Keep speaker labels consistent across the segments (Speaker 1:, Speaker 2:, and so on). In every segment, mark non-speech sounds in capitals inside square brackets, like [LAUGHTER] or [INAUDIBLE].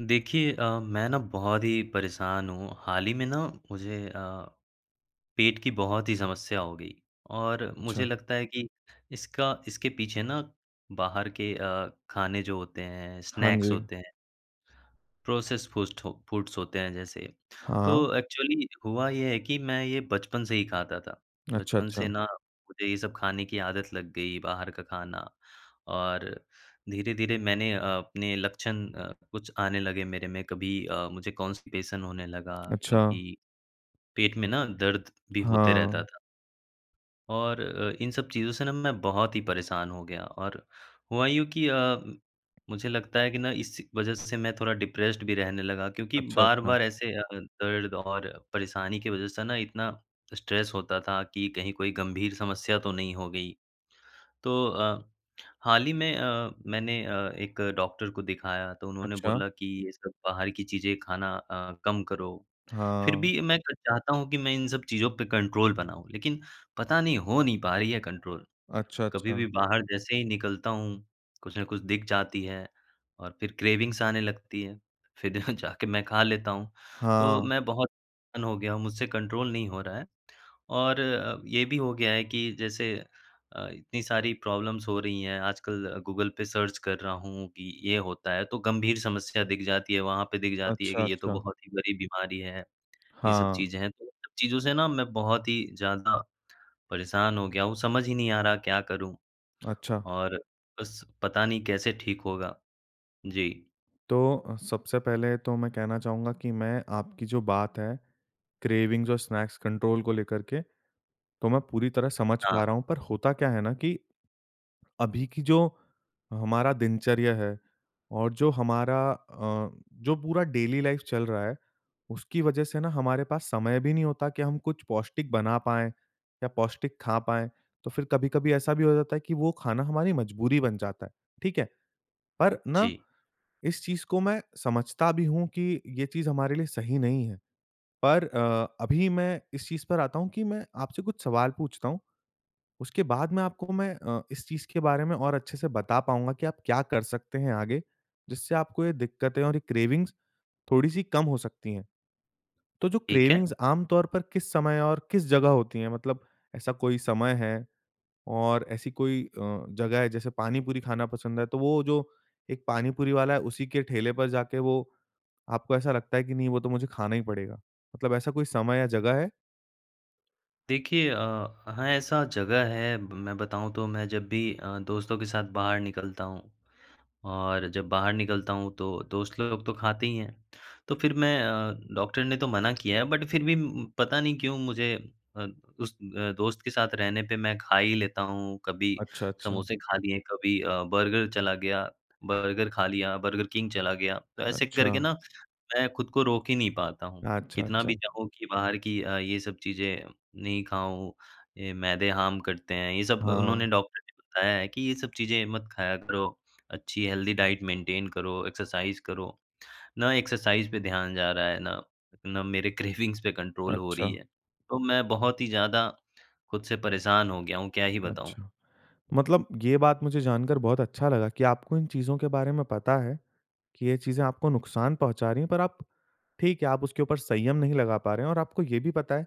Speaker 1: देखिए अ, मैं ना बहुत ही परेशान हूँ, हाल ही में ना मुझे अ, पेट की बहुत ही समस्या हो गई और मुझे
Speaker 2: अच्छा।
Speaker 1: लगता है कि इसका इसके पीछे ना बाहर के अ, खाने जो होते हैं
Speaker 2: हाँ
Speaker 1: स्नैक्स
Speaker 2: जी।
Speaker 1: होते हैं प्रोसेस फू फूड्स होते हैं जैसे।
Speaker 2: हाँ।
Speaker 1: तो एक्चुअली हुआ ये है कि मैं ये बचपन से ही खाता था,
Speaker 2: अच्छा
Speaker 1: बचपन
Speaker 2: अच्छा।
Speaker 1: से ना मुझे ये सब खाने की आदत लग गई बाहर का खाना, और धीरे-धीरे मैंने अ, अपने लक्षण अ, कुछ आने लगे मेरे में कभी अ, मुझे कॉन्स्टिपेशन होने लगा
Speaker 2: अच्छा।
Speaker 1: कभी पेट में ना दर्द भी होते रहता
Speaker 2: हाँ।
Speaker 1: था। और अ, इन सब चीज़ों से ना मैं बहुत ही परेशान हो गया और हुआ यू की अ, मुझे लगता है कि ना इस वजह से मैं थोड़ा डिप्रेस्ड भी रहने लगा, क्योंकि
Speaker 2: अच्छा अच्छा।
Speaker 1: बार-बार ऐसे अ, दर्द और परेशानी की वजह से ना इतना स्ट्रेस होता था कि कहीं कोई गंभीर समस्या तो नहीं हो गई। तो अ, हाल ही में अ, मैंने अ, एक डॉक्टर को दिखाया तो उन्होंने
Speaker 2: अच्छा।
Speaker 1: बोला कि ये सब बाहर की चीज़ें खाना अ, कम करो, फिर
Speaker 2: हाँ।
Speaker 1: भी मैं चाहता हूँ कि मैं इन सब चीज़ों पे कंट्रोल बनाऊँ, लेकिन पता नहीं हो नहीं पा रही है कंट्रोल।
Speaker 2: अच्छा
Speaker 1: कभी भी
Speaker 2: अच्छा।
Speaker 1: बाहर जैसे ही निकलता हूँ, कुछ न कुछ दिख जाती है, और फिर क्रेविंग्स आने लगती है, फिर जा जाके मैं खा लेता हूँ। तो
Speaker 2: हाँ।
Speaker 1: मैं बहुत हो गया हूँ, मुझसे कंट्रोल नहीं हो रहा है। और अ, ये भी हो गया है कि जैसे अ, इतनी सारी प्रॉब्लम्स हो रही हैं आजकल गूगल पे सर्च कर रहा हूँ कि ये होता है तो गंभीर समस्या दिख जाती है, वहाँ पे दिख जाती है कि
Speaker 2: अच्छा
Speaker 1: ये तो
Speaker 2: अच्छा।
Speaker 1: बहुत ही बड़ी बीमारी है, ये सब
Speaker 2: हाँ।
Speaker 1: चीज़ें हैं, तो इन सब चीज़ों से ना मैं बहुत ही ज़्यादा परेशान हो गया हूँ, समझ ही नहीं आ रहा क्या करूँ?
Speaker 2: अच्छा।
Speaker 1: और बस पता नहीं कैसे ठीक होगा? जी।
Speaker 2: तो, सबसे पहले तो मैं कहना चाहूँगा कि मैं आपकी जो बात है, क्रेविंग्स और स्नैक्स कंट्रोल को लेकर के, तो मैं पूरी तरह समझ पा
Speaker 1: हाँ।
Speaker 2: रहा हूँ पर होता क्या है ना की, अभी की जो हमारा दिनचर्या है और जो हमारा अ, जो पूरा डेली लाइफ चल रहा है, उसकी वजह से ना हमारे पास समय भी नहीं होता कि हम कुछ पौष्टिक बना पाएँ या पौष्टिक खा पाएँ। तो फिर कभी-कभी ऐसा भी हो जाता है कि वो खाना हमारी मजबूरी बन जाता है, ठीक है? पर ना,
Speaker 1: जी।
Speaker 2: इस चीज़ को मैं समझता भी हूँ कि ये चीज़ हमारे लिए सही नहीं है, पर अ, अभी मैं इस चीज़ पर आता हूँ कि मैं आपसे कुछ सवाल पूछता हूँ, उसके बाद में आपको मैं अ, इस चीज़ के बारे में और अच्छे से बता पाऊँगा कि आप क्या कर सकते हैं आगे, जिससे आपको ये दिक्कतें और ये क्रेविंग्स थोड़ी सी कम हो सकती है। तो जो
Speaker 1: ठीक है।
Speaker 2: क्रेविंग्स आम तौर पर किस समय और किस जगह होती हैं? मतलब ऐसा कोई समय है और ऐसी कोई अ, जगह है जैसे पानी-पूरी खाना पसंद है तो वो जो एक पानी-पूरी वाला है उसी के ठेले पर जाके वो आपको ऐसा लगता है कि नहीं वो तो मुझे खाना ही पड़ेगा। मतलब ऐसा कोई समय या जगह है?
Speaker 1: देखिए अ, वहाँ ऐसा जगह है मैं बताऊँ तो मैं जब भी अ, दोस्तों के साथ बाहर निकलता हूँ और जब बाहर निकलता हूँ तो दोस्त लोग तो खाते ही हैं। तो फिर मैं अ, डॉक्टर ने तो मना किया है बट फिर भी उ म पता नहीं क्यों मुझे अ, उस अ, दोस्त के साथ रहने पे मैं खा ही लेता हूँ कभी
Speaker 2: अच्छा, अच्छा।
Speaker 1: समोसे खा लिए कभी अ, बर्गर चला गया बर्गर खा लिया, बर्गर किंग चला गया। तो ऐसे करके
Speaker 2: अच्छा।
Speaker 1: न मैं खुद को रोक ही नहीं पाता हूँ
Speaker 2: अच्छा,
Speaker 1: कितना भी
Speaker 2: अच्छा।
Speaker 1: चाहूँ कि बाहर की अ, ये सब चीज़ें नहीं खाऊँ, ये मैदे हार्म करते हैं ये सब अ,
Speaker 2: हाँ।
Speaker 1: उन्होंने डॉक्टर ने बताया है कि ये सब चीज़ें मत खाया करो। अच्छी हेल्दी डाइट मेंटेन करो एक्सरसाइज़ करो। न एक्सरसाइज़ पे ध्यान जा रहा है, ना ना मेरे क्रेविंग्स पे कंट्रोल हो रही
Speaker 2: अच्छा।
Speaker 1: है, तो मैं बहुत ही ज़्यादा खुद से परेशान हो गया हूँ, क्या ही बताऊँ।
Speaker 2: अच्छा। मतलब ये बात मुझे जानकर बहुत अच्छा लगा कि आपको इन चीज़ों के बारे में पता है, कि ये चीज़ें आपको नुकसान पहुँचा रहीं हैं पर आप ठीक है आप उसके ऊपर संयम नहीं लगा पा रहे हैं और आपको ये भी पता है,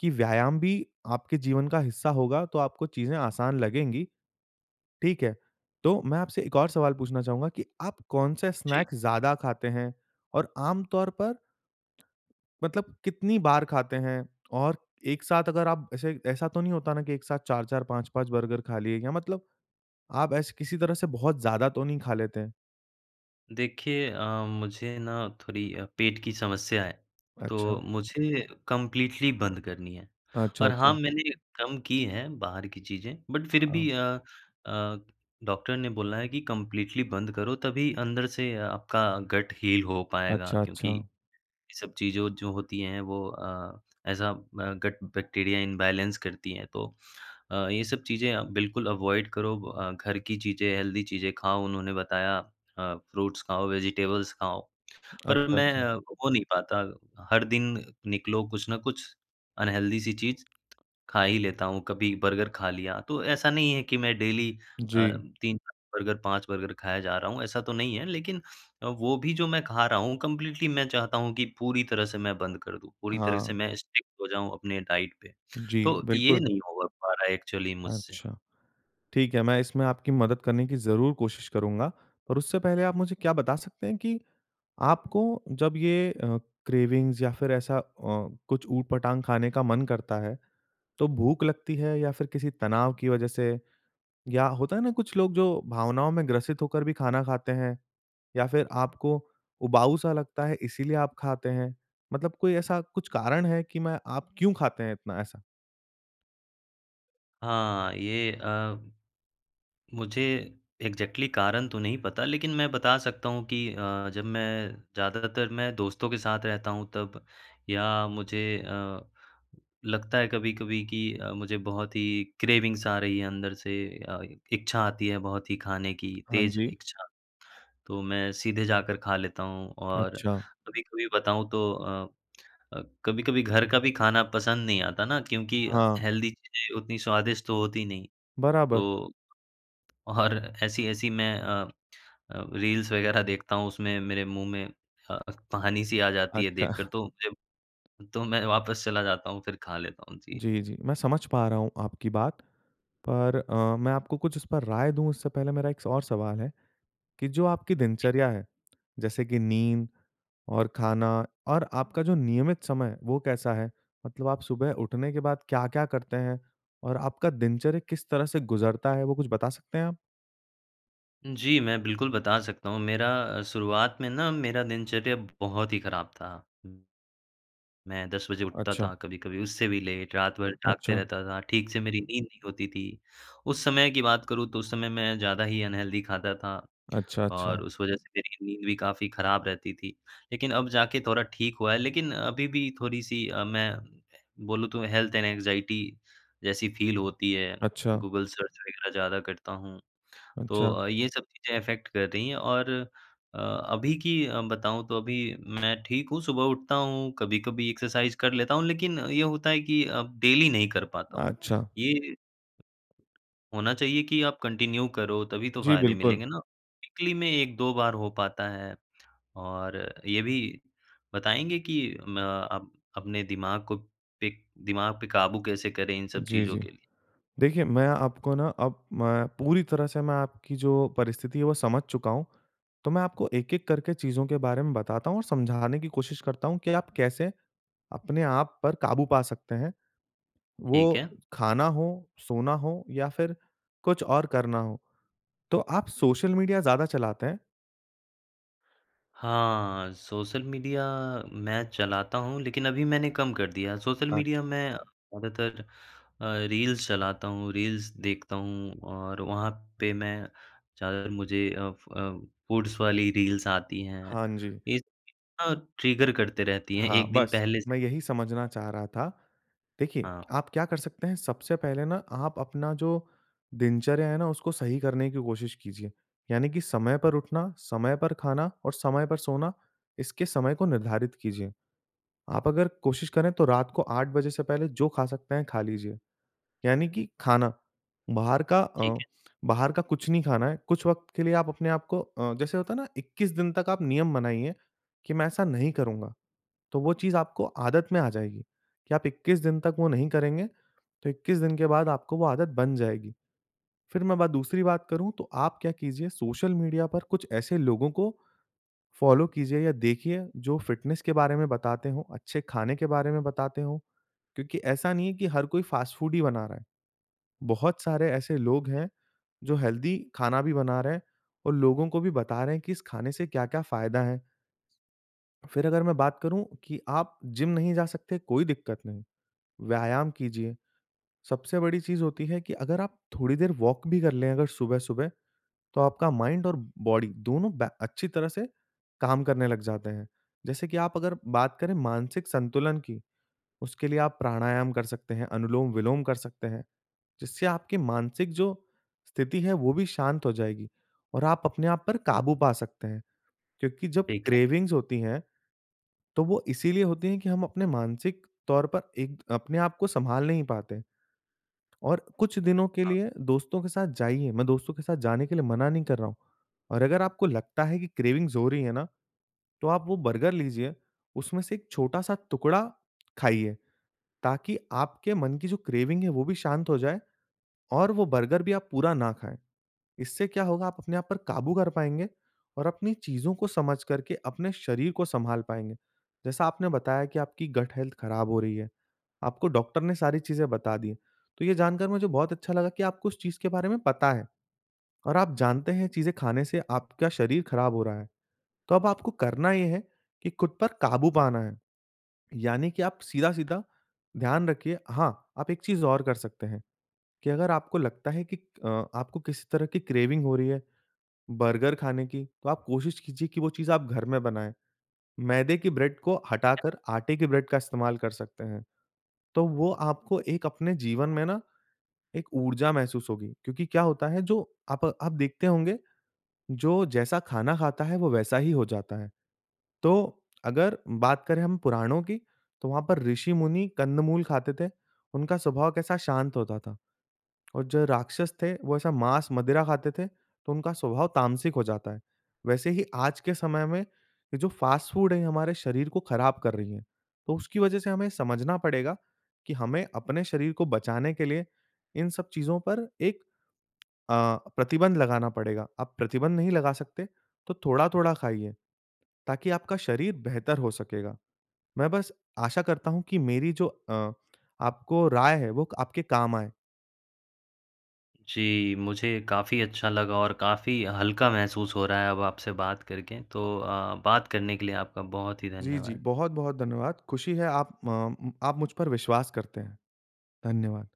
Speaker 2: कि व्यायाम भी आपके जीवन का हिस्सा होगा तो आपको चीज़ें आसान लगेंगी, ठीक है। तो मैं आपसे एक और सवाल पूछना चाहूँगा कि आप कौन-सा
Speaker 1: जी।
Speaker 2: स्नैक्स ज़्यादा खाते हैं? और आमतौर पर मतलब कितनी बार खाते हैं? और एक साथ अगर आप ऐसे ऐसा तो नहीं होता न कि एक साथ 4-4 5-5 बर्गर खा लिए या मतलब आप ऐसे किसी तरह से बहुत ज़्यादा तो नहीं खा लेते?
Speaker 1: देखिए अ, मुझे ना थोड़ी अ, पेट की समस्या है, तो
Speaker 2: अच्छा।
Speaker 1: मुझे कंप्लीटली बंद करनी है,
Speaker 2: अच्छा,
Speaker 1: और
Speaker 2: अच्छा।
Speaker 1: हाँ मैंने कम की हैं बाहर की चीज़ें बट फिर भी
Speaker 2: हाँ।
Speaker 1: अ अ, डॉक्टर ने बोला है कि कंप्लीटली बंद करो तभी अंदर से आपका गट हील हो पाएगा,
Speaker 2: अच्छा,
Speaker 1: क्योंकि
Speaker 2: अच्छा।
Speaker 1: ये सब चीज़ों जो होती हैं वो अ, ऐज़ अ, ब गट बैक्टीरिया इम्बैलेंस करती हैं तो अ, ये सब चीज़ें आप बिल्कुल अवॉइड करो। अ, घर की चीज़ें हेल्दी चीज़ें खाओ, उन्होंने बताया अ, फ्रूट्स खाओ, वेजिटेबल्स खाओ, [SMACKS LIPS] पर
Speaker 2: अच्छा,
Speaker 1: मैं
Speaker 2: अच्छा।
Speaker 1: हो नहीं पाता हर दिन निकलो कुछ न कुछ अनहेल्दी सी चीज़ खा ही लेता हूँ, कभी बर्गर खा लिया, तो ऐसा नहीं है कि मैं डेली अ,
Speaker 2: जी।
Speaker 1: 3 बर्गर, 5 बर्गर खाए जा रहा हूँ, ऐसा तो नहीं है लेकिन अ, वो भी जो मैं खा रहा हूँ कंप्लीटली मैं चाहता हूँ कि पूरी तरह से मैं बंद कर दूँ, पूरी तरह से
Speaker 2: हाँ।
Speaker 1: मैं स्ट्रिक्ट हो जाऊँ अपने डाइट पे।
Speaker 2: जी,
Speaker 1: तो ये
Speaker 2: बिल्कुल।
Speaker 1: नहीं हो ग पा रहा है एक्चुअली मुझसे।
Speaker 2: अच्छा, ठीक है मैं इसमें आपकी मदद करने की ज़रूर कोशिश करूँगा, और उससे पहले आप मुझे क्या बता सकते हैं कि आपको जब ये अ, क्रेविंग्स या फिर ऐसा अ, कुछ उट-पटांग खाने का मन करता है तो भूख लगती है या फिर किसी तनाव की वज़ह से, या होता है ना कुछ लोग जो भावनाओं में ग्रसित होकर भी खाना खाते हैं? या फिर आपको उबाऊ-सा लगता है इसलिए आप खाते हैं। मतलब कोई ऐसा कुछ कारण है कि मैं आप क्यों खाते हैं इतना ऐसा?
Speaker 1: हाँ। ये अ, मुझे एक्ज़ेक्टली कारण तो नहीं पता। लेकिन मैं बता सकता हूँ कि अ, जब मैं ज़्यादातर मैं दोस्तों के साथ रहता हूँ तब या मुझे अ, लगता है कभी-कभी कि अ, मुझे बहुत ही क्रेविंग्स आ रही है अंदर से अ इच्छा आती है बहुत ही खाने की
Speaker 2: हाँ,
Speaker 1: तेज़
Speaker 2: जी।
Speaker 1: इच्छा। तो मैं सीधे जाकर खा लेता हूँ। और
Speaker 2: अच्छा।
Speaker 1: कभी-कभी बताऊँ तो अ, कभी-कभी घर का भी खाना पसंद नहीं आता ना क्योंकि
Speaker 2: हाँ।
Speaker 1: हेल्दी चीज़ें उतनी स्वादिष्ट तो होती नहीं।
Speaker 2: बराबर।
Speaker 1: तो और ऐसी-ऐसी मैं अ अ, रील्स वगैरह देखता हूँ उसमें मेरे मुँह में अ, पानी-सी आ जाती है देख
Speaker 2: अच्छा।
Speaker 1: कर तो मुझे तो मैं वापस चला जाता हूँ फिर खा लेता हूँ। जी।
Speaker 2: जी, जी। मैं समझ पा रहा हूँ आपकी बात। पर अ, मैं आपको कुछ इस पर राय दूँ उससे पहले मेरा एक और सवाल है कि जो आपकी
Speaker 1: जी।
Speaker 2: दिनचर्या है, जैसे कि नींद और खाना और आपका जो नियमित समय है वो कैसा है? मतलब आप सुबह उठने के बाद क्या-क्या करते हैं? और आपका दिनचर्या किस तरह से गुज़रता है? वो कुछ बता सकते हैं आप।
Speaker 1: जी, मैं बिल्कुल बता सकता हूँ। मेरा अ, शुरुआत में ना, मेरा दिनचर्या बहुत ही ख़राब था। मैं 10 बजे उठता
Speaker 2: अच्छा।
Speaker 1: था, कभी-कभी उससे भी लेट, रात भर जागते
Speaker 2: अच्छा।
Speaker 1: रहता था, ठीक से मेरी नींद नहीं होती थी। उस समय की बात करूँ, तो उस समय मैं ज़्यादा ही अनहेल्दी खाता था
Speaker 2: अच्छा,
Speaker 1: और
Speaker 2: अच्छा।
Speaker 1: उस वज़ह से मेरी नींद भी काफ़ी ख़राब रहती थी। लेकिन अब जा के थोड़ा ठीक हुआ है, लेकिन अभी भी थोड़ी-सी अ, मैं बोलूँ, तो हेल्थ एंड एंग्ज़ायटी जैसी फ़ील होती है,
Speaker 2: अच्छा।
Speaker 1: गूगल सर्च वगैरह ज़्यादा करता हूँ। तो
Speaker 2: अच्छा।
Speaker 1: अ, ये सब चीज़ें अफ़ेक्ट कर रही हैं और अ, अभी की अ, बताऊँ, तो अभी मैं ठीक हूँ, सुबह उठता हूँ, कभी-कभी एक्सरसाइज़ कर लेता हूँ, लेकिन ये होता है कि अब डेली नहीं कर पाता हूँ।
Speaker 2: अच्छा।
Speaker 1: ये होना चाहिए कि आप कन्टिन्यू करो, तभी तो
Speaker 2: जी,
Speaker 1: फ़ायदे
Speaker 2: बिल्कुल।
Speaker 1: मिलेंगे ना। वीकली में 1-2 बार हो पाता है और ये भी बताएँगे कि म अप अपने दिमाग को पे दिमाग पे काबू कैसे करें इन सब
Speaker 2: जी,
Speaker 1: चीज़ों
Speaker 2: जी।
Speaker 1: के लिए?
Speaker 2: देखिए, मैं आपको ना अब मैं पूरी तरह से मैं आपकी जो परिस्थिति है, वो समझ चूका हूँ। तो मैं आपको एक-एक करके चीज़ों के बारे में बताता हूँ और समझाने की कोशिश करता हूँ कि आप कैसे अपने आप पर काबू पा सकते हैं।
Speaker 1: ठीक
Speaker 2: वो
Speaker 1: है।
Speaker 2: खाना हो, सोना हो या फिर कुछ और करना हो। तो आप सोशल मीडिया ज़्यादा चलाते हैं?
Speaker 1: हाँ। सोशल मीडिया मैं चलाता हूँ, लेकिन अभी मैंने कम कर दिया। सोशल मीडिया
Speaker 2: अच्छा।
Speaker 1: मैं ज़्यादातर अ, रील्स चलाता हूँ, रील्स देखता हूँ। और वहाँ पे मैं ज़्यादातर मुझे अफ अ, फूड्स वाली रील्स आती हैं।
Speaker 2: हाँ जी।
Speaker 1: ये चीज़ न ट्रिगर करते रहती हैं
Speaker 2: हाँ,
Speaker 1: एक दिन
Speaker 2: बस।
Speaker 1: पहले से।
Speaker 2: मैं यही समझना चाह रहा था। देखिए
Speaker 1: हाँ।
Speaker 2: आप क्या कर सकते हैं सबसे पहले ना आप अपना जो दिनचर्या है ना, उसको सही करने की कोशिश कीजिए। यानि की समय पर उठना, समय पर खाना और समय पर सोना इसके समय को निर्धारित कीजिए। आप अगर कोशिश करें तो रात को 8 से पहले जो खा सकते हैं खा लीजिए। यानि की खाना, बाहर का
Speaker 1: ठीक
Speaker 2: अ,
Speaker 1: है।
Speaker 2: बाहर का कुछ नहीं खाना है। कुछ वक़्त के लिए आप अपने आपको अ, जैसे होता है ना 21 दिन तक आप नियम बनाइए कि मैं ऐसा नहीं करूँगा। तो वो चीज़ आपको आदत में आ जाएगी कि आप 21 दिन तक वो नहीं करेंगे तो 21 दिन के बाद आपको वो आदत बन जाएगी। फिर मैं बात दूसरी बात करूँ तो आप क्या कीजिए सोशल मीडिया पर कुछ ऐसे लोगों को फॉलो कीजिए या देखिए जो फिटनेस के बारे में बताते हो, अच्छे खाने के बारे में बताते हो। क्योंकि ऐसा नहीं है कि हर कोई फास्ट फूड ही बना रहा है। बहुत सारे ऐसे लोग हैं जो हेल्दी खाना भी बना रहे हैं और लोगों को भी बता रहे हैं की इस खाने से क्या-क्या फायदा हैं। फिर अगर मैं बात करूँ कि आप जिम नहीं जा सकते, कोई दिक्कत नहीं, व्यायाम कीजिए। सबसे बड़ी चीज़ होती हैं कि अगर आप थोड़ी देर वॉक भी कर लें, अगर सुबह-सुबह तो आपका माइंड और बॉडी दोनों बै अच्छी तरह से काम करने लग जाते हैं। जैसे कि आप अगर बात करें मानसिक संतुलन की, उसके लिए आप प्राणायाम कर सकते हैं, अनुलोम-विलोम कर सकते हैं, जिससे आपकी मानसिक जो स्थिति है वो भी शांत हो जाएगी और आप अपने आप पर काबू पा सकते हैं। क्योंकि जब
Speaker 1: ठीक है।
Speaker 2: क्रेविंग्स होती हैं, तो वो इसीलिए होती हैं कि हम अपने मानसिक तौर पर एक अपने आप को संभाल नहीं पाते। और कुछ दिनों के
Speaker 1: हाँ।
Speaker 2: लिए दोस्तों के साथ जाइए, मैं दोस्तों के साथ जाने के लिए मना नहीं कर रहा हूँ। और अगर आपको लगता है कि क्रेविंग्स हो रही है ना, तो आप वो बर्गर लीजिए, उसमें से एक छोटा-सा टुकड़ा खाइए, ताकि आपके मन की जो क्रेविंग है वो भी शांत हो जाए और वो बर्गर भी आप पूरा न खाएँ। इससे क्या होगा आप अपने आप पर काबू कर पाएँगे और अपनी चीज़ों को समझ करके अपने शरीर को संभाल पाएँगे। जैसा आपने बताया कि आपकी गट हेल्थ खराब हो रही है। आपको डॉक्टर ने सारी चीजें बता दी हैं, तो ये जानकर मुझे बहुत अच्छा लगा कि आपको उस चीज़ के बारे में पता है और आप जानते हैं चीजें खाने से आपका शरीर खराब हो रहा है। तो अब आपको करना ये है कि खुद पर काबू पाना है, यानी कि आप सीधा-सीधा ध्यान रखिए। हाँ, आप एक चीज़ और कर सकते हैं। कि अगर आपको लगता है कि अ, आपको किसी तरह कि क्रेविंग हो रही है, बर्गर खाने की तो आप कोशिश कीजिए कि वो चीज़ आप घर में बनाएँ। मैदे की ब्रेड को हटाकर, आटे के ब्रेड का इस्तेमाल कर सकते हैं। तो वो आपको एक अपने जीवन में ना एक ऊर्जा महसूस होगी। क्योंकि क्या होता है जो अप आप देखते होंगे, जो जैसा खाना खाता है वो वैसा ही हो जाता है। तो अगर बात करें हम पुराणों की तो वहाँ पर ऋषि-मुनि कंद-मूल खाते थे। उनका स्वभाव कैसा शांत होता था। और जो राक्षस थे वो ऐसा मांस-मदिरा खाते थे तो उनका स्वभाव तामसिक हो जाता है। वैसे ही आज के समय में, ये जो फास्ट फूड हैं ये हमारे शरीर को खराब कर रही हैं। तो उसकी वजह से हमें समझना पड़ेगा कि हमें अपने शरीर को बचाने के लिए इन सब चीज़ पर एक अ, प्रतिबंध लगाना पड़ेगा। आप प्रतिबंध नहीं लगा सकते तो थोड़ा-थोड़ा खाइए ताकि आपका शरीर बेहतर हो सकेगा। मैं बस आशा करता हूँ कि मेरी जो अ, आपको राय है वो क आपके काम आए।
Speaker 1: जी। मुझे काफ़ी अच्छा लगा और काफ़ी हल्का महसूस हो रहा है अब आपसे बात करके। तो अ, बात करने के लिए आपका बहुत ही
Speaker 2: जी, जी।
Speaker 1: धन्यवाद।
Speaker 2: बहुत-बहुत धन्यवाद। खुशी है आप म आप मुझ पर विश्वास करते हैं। धन्यवाद।